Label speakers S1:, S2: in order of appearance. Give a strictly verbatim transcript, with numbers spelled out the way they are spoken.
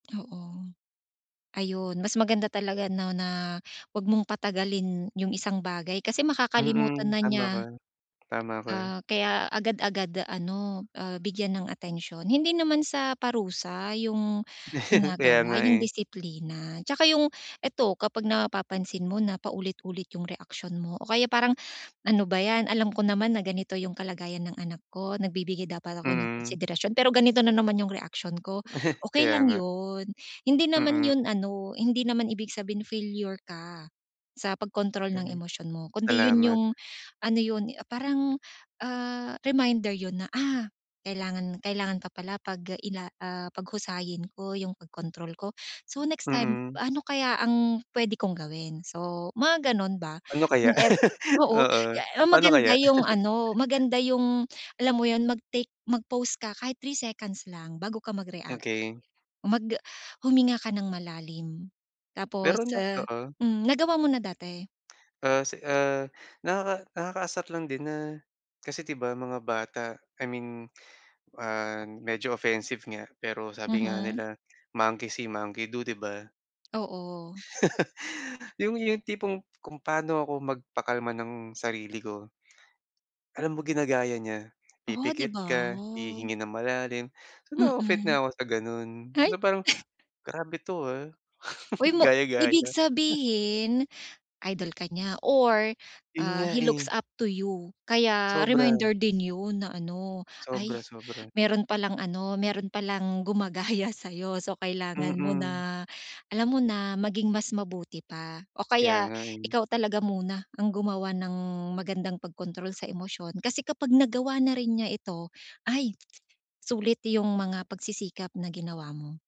S1: Oo. Ayun, mas maganda talaga, 'no, na huwag mong patagalin yung isang bagay kasi makakalimutan
S2: Mm.
S1: na
S2: Tama
S1: niya.
S2: ka. Tama ka.
S1: Ah, kaya agad-agad ano, ah, bigyan ng atensiyon. Hindi naman sa parusa yung
S2: Kaya nga
S1: ginagawa, yung
S2: eh.
S1: disiplina. 'Tsaka yung eto, kapag napapansin mo na paulit-ulit yung reaksiyon mo o kaya parang, "Ano ba 'yan, alam ko naman na ganito yung kalagayan ng anak ko, nagbibigay dapat ako ng
S2: Mm.
S1: konsiderasyon, pero ganito na naman yung reaksyon ko." Okey
S2: Kaya
S1: lang
S2: nga.
S1: 'yon. Hindi naman
S2: Mm.
S1: 'yon ano, hindi naman ibig sabihinin na failure ka sa pagkontrol ng
S2: Mm.
S1: emosyon mo, kundi 'yon
S2: Salamat.
S1: yung ano 'yon, parang ah, reminder 'yon na, "Ah, kailangan kailangan pa pala 'pag ila ah, paghusayin ko 'yung pagkontrol ko. So, next time,
S2: Mm.
S1: ano kaya ang pwede kong gawin?" So, mga gano'n ba
S2: Ano kaya?
S1: yung ev oo.
S2: Oo,
S1: Eh ah
S2: paano
S1: Maganda
S2: kaya?
S1: yung ano, maganda yung alam mo yun, mag-take mag-pause ka kahit three seconds lang bago ka mag-react.
S2: Okey.
S1: Oh, mag ah huminga ka ng malalim. Tapos,
S2: Pero na
S1: ah
S2: oo.
S1: hmm, nagawa mo na dati?
S2: Ah, si ah, nakaka nakakaasar lang din na kasi 'di ba, mga bata, I mean, ah, medyo offensive nga pero sabi nga
S1: Mhm.
S2: nila monkey see, monkey do 'di ba?
S1: Oo.
S2: Yung yung tipong kung paano ako magpakalma ng sarili ko. Alam mo, ginagaya niya,
S1: Oh, 'di
S2: pipikit
S1: ba,
S2: ka,
S1: oh.
S2: hihinga ng malalim. So, na-o-offet
S1: Mhm.
S2: na ako sa gano'n.
S1: Ay!
S2: Na parang, "Grabe to, ah."
S1: Uy mo ibig
S2: Gaya-gaya.
S1: sabihin idol ka niya or
S2: 'Yun
S1: ah,
S2: nga,
S1: he looks
S2: eh.
S1: up to you. Kaya
S2: Sobra.
S1: reminder din 'yon na ano, ay
S2: Sobra-sobra.
S1: meron palang ano, meron palang gumagaya sa'yo, so kailangan mo
S2: Mm.
S1: na alam mo na, maging mas mabuti pa o
S2: Kaya
S1: kaya
S2: nga, eh.
S1: ikaw talaga muna ang gumawa ng magandang pagkontrol sa emosyon kasi kapag nagawa na rin niya ito, ay! Sulit yung mga pagsisikap na ginawa mo.